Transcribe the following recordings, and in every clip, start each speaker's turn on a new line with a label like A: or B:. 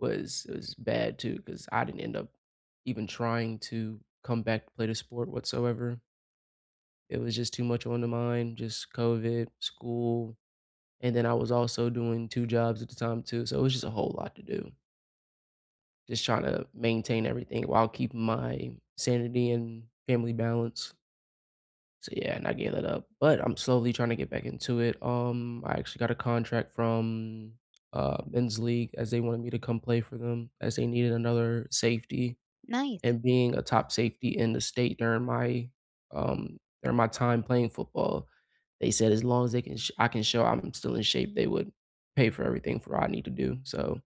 A: Was was bad too 'cause I didn't end up even trying to come back to play the sport whatsoever it was just too much on the mind, just COVID, school, and then I was also doing 2 jobs at the time too, so it was just a whole lot to do just trying to maintain everything while keeping my sanity and family balance so yeah, and I gave that up, but I'm slowly trying to get back into it. Um, I actually got a contract from, uh, men's league as they wanted me to come play for them as they needed another safety.
B: Nice.
A: And being a top safety in the state during my, um during my time playing football, they said as long as they can sh I can show I'm still in shape, they would pay for everything for I need to do, so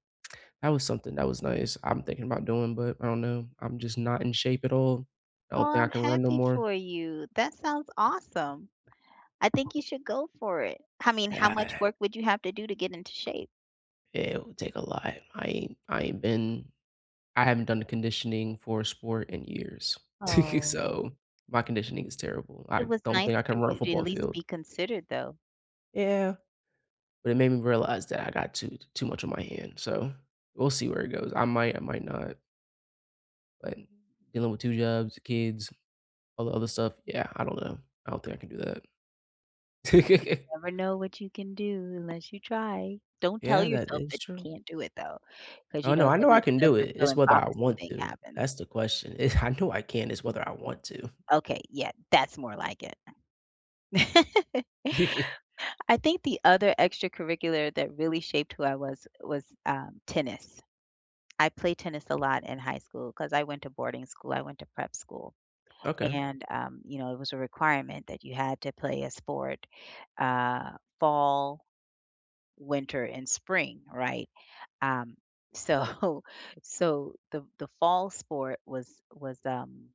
A: that was something, that was nice. I'm thinking about doing, but I don't know. I'm just not in shape at all. I
B: Oh,
A: don't think I
B: I'm
A: can run no
B: happy
A: more.
B: for you. That sounds awesome. I think you should go for it. I mean, how much work would you have to do to get into shape?
A: It would take a lot. I ain't I ain't been I haven't done the conditioning for a sport in years.
B: Oh.
A: So, my conditioning is terrible.
B: It
A: I
B: was
A: don't
B: nice
A: think I can
B: for
A: run a
B: you to at
A: football
B: least
A: field.
B: be considered, though.
A: Yeah, but it made me realize that I got too too much on my hand, so we'll see where it goes. I might, I might not but dealing with 2 jobs, kids, all the other stuff yeah, I don't know. I don't think I can do
B: You
A: that.
B: never know what you can do unless you try. Don't tell
A: Yeah, that
B: yourself
A: is
B: that
A: true.
B: you can't do it, though, 'cause, you
A: Oh, no,
B: know,
A: I
B: then
A: know I
B: that
A: can do it, it's
B: self-fulfilling
A: whether I
B: prophecy
A: want
B: thing
A: to,
B: happens.
A: that's the question. I know I can, it's whether I want to.
B: Okay, yeah, that's more like it. I think the other extracurricular that really shaped who I was, was, um, tennis. I played tennis a lot in high school 'cause I went to boarding school, I went to prep school,
A: Okay.
B: and, um, you know, it was a requirement that you had to play a sport, uh, fall, winter and spring, right? Um, so so the the fall sport was was, um